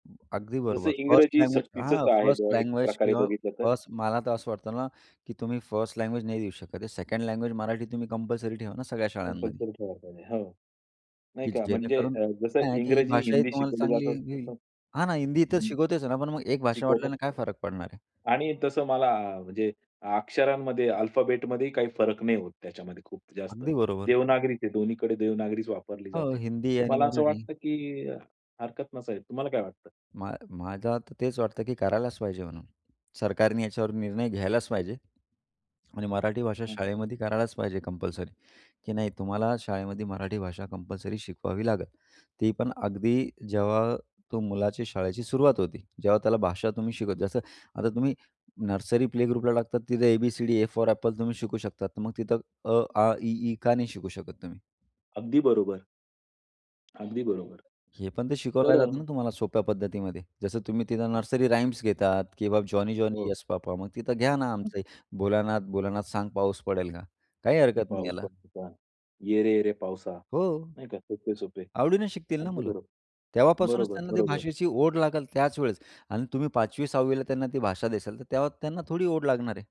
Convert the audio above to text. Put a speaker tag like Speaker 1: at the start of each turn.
Speaker 1: अगदी
Speaker 2: जसं
Speaker 1: बरोबर. फर्स्ट
Speaker 2: इंग्रजी
Speaker 1: लँग्वेज
Speaker 2: सक्तीचच
Speaker 1: हां,
Speaker 2: आहे,
Speaker 1: फर्स्ट
Speaker 2: एक
Speaker 1: लँग्वेज
Speaker 2: प्रकारे
Speaker 1: किंवा
Speaker 2: बघितलं तर.
Speaker 1: फर्स्ट मला तर असं वाटतं ना, की तुम्ही फर्स्ट लँग्वेज नाही देऊ शकत हे. सेकंड लँग्वेज मराठी तुम्ही कंपल्सरी ठेवा ना सगळ्या शाळांमध्ये.
Speaker 2: कंपल्सरी ठेवायला पाहिजे, हं. नाही
Speaker 1: की
Speaker 2: का. म्हणजे
Speaker 1: जेणेकरून
Speaker 2: अ, जसं
Speaker 1: काय आहे की ही
Speaker 2: इंग्रजी,
Speaker 1: भाषा ही
Speaker 2: हिंदी
Speaker 1: तुम्हाला
Speaker 2: शिकवलं
Speaker 1: चांगली ये
Speaker 2: जातं,
Speaker 1: येईल.
Speaker 2: तसं
Speaker 1: हां ना हिंदी इथे
Speaker 2: हं,
Speaker 1: शिकवतेच ना. पण मग एक भाषा वाढल्याने काय
Speaker 2: शिकवतात
Speaker 1: फरक पडणार आहे.
Speaker 2: आणि तसं मला म्हणजे अक्षरांमध्ये, अल्फाबेटमध्येही काही फरक नाही होत त्याच्यामध्ये खूप जास्त.
Speaker 1: अगदी बरोबर.
Speaker 2: देवनागरी ते दोन्हीकडे देवनागरीच वापरली
Speaker 1: हो,
Speaker 2: जाते.
Speaker 1: हिंदी
Speaker 2: तर
Speaker 1: आणि
Speaker 2: मला असं
Speaker 1: मराठी.
Speaker 2: वाटतं की हरकत नसावी. तुम्हाला काय वाटतं?
Speaker 1: मा माझा तर तेच वाटतं की करायलाच पाहिजे म्हणून. सरकारने याच्यावर निर्णय घ्यायलाच पाहिजे. आणि मराठी भाषा
Speaker 2: हं.
Speaker 1: शाळेमध्ये करायलाच पाहिजे कंपल्सरी. की नाही तुम्हाला शाळेमध्ये मराठी भाषा कंपल्सरी शिकवावी लागेल, ती पण अगदी जेव्हा तो मुलाच्या शाळेची सुरुवात होती. जेव्हा त्याला भाषा तुम्ही शिकवता. जसं आता तुम्ही नर्सरी, प्ले ग्रुपला टाकतात तिथे A, B, C, D, A for apple तुम्ही शिकू शकतात, तर मग तिथं अ, आ, इ, ई का नाही शिकू शकत तुम्ही?
Speaker 2: अगदी बरोबर. अगदी बरोबर.
Speaker 1: हे पण ते शिकवलं
Speaker 2: तर
Speaker 1: जातं
Speaker 2: अ
Speaker 1: ना, तुम्हाला सोप्या पद्धतीमध्ये. जसं तुम्ही तिथं
Speaker 2: [unintelligible]
Speaker 1: नर्सरी राइम्स घेतात किंवा जॉनी, जॉनी
Speaker 2: हो.
Speaker 1: Yes papa! मग तिथं घ्या ना
Speaker 2: [unintelligible]
Speaker 1: आमचं भोलानाथ, भोलानाथ सांग पाऊस पडेल का? काही हरकत नाही
Speaker 2: पाऊस
Speaker 1: याला.
Speaker 2: पडत होता. ये रे ये रे पावसा.
Speaker 1: हो.
Speaker 2: नाही का, सोपे-सोपे.
Speaker 1: आवडीने शिकतील ना
Speaker 2: अगदी
Speaker 1: मुलं,
Speaker 2: बरोबर.
Speaker 1: तेव्हापासूनच
Speaker 2: बरोबर,
Speaker 1: त्यांना त्या
Speaker 2: बरोबर.
Speaker 1: भाषेची ओढ लागेल त्याच वेळेस आणि तुम्ही 5वी, 6वी ला त्यांना ती भाषा द्याल तर तेव्हा त्यांना थोडी ओढ लागणार आहे.